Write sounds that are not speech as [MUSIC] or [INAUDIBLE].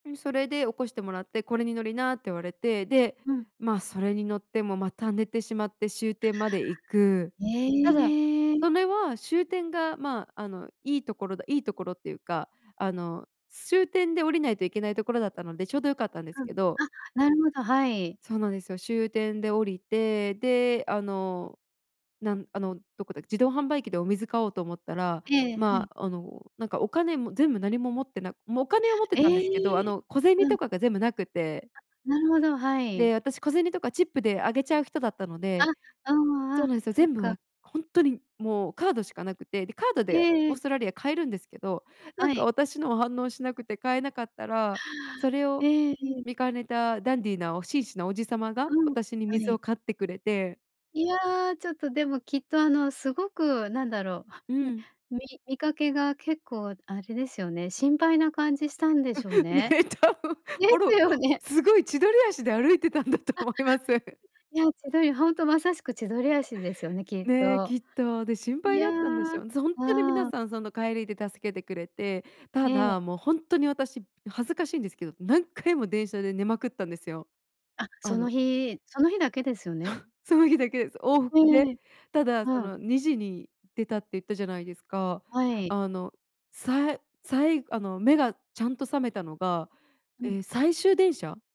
うん、それで起こしてもらって、「これに乗りな」って言われて。で、うん。まあ、それに乗っても、また寝てしまって終点まで行く。へただ、え。それは終点が、ま、あの、いい所だいい所って言うか、あの終点で降りないといけない所だったので、丁度良かったんですうん、けど。あ、なるほど、はい。そうなんですよ。終点で降りて、で、あの、なんあの、何処だっけ、自動販売機でお水買おうと思ったら、ええ、はまい。あ、あの、なんか、お金も全部何も持ってなもうお金を持ってえたんですけど、あえ。の、小銭うん。とかが全部なくて。あ、なるほど、はで、い。私小銭とかチップであげちゃう人だったのあ、でああ、そうあ、なんですよ。そっ全部か。は、ほんとにもうカードしかなくて。で、カードえでええオーえ。ストラリア買えるんですけど、なはんい。か、私の反応しなくて買えなかったら、それをええ、ええ。見兼ねたダンディなお紳士な叔父様が、うん、私には水をい。買ってくれて。いや、ちょっとでも、きっと、あの、すごく、なんだろうう、ん、ん。み見かけが結構あれですよね、心配な感じしたんでしょう [CHUCKLES] うん、ね、ね。多分、でもすろ、よね。凄い千鳥足で歩いてたんだとあ。思います。いや、千鳥りほんとまさしく千鳥足ですよね、きっね、と。きっと。で、心い配や、だったんでしょう。そ、ほんとに皆ああ。さん、その帰りで助けてくれて。えたえ。だ、もう、ほんとに私、恥ずかしいんですけど何回も電車で寝まくったんですよ。あ、あそのの日、その日だけですよね。[CHUCKLES] その日だけです。往は復で。い。ただ、そうん。の2時に出たって言ったじゃないですか。はい。あの、さいさい、あの、目がちゃんと覚めたのが、うん。ええ、最終電車。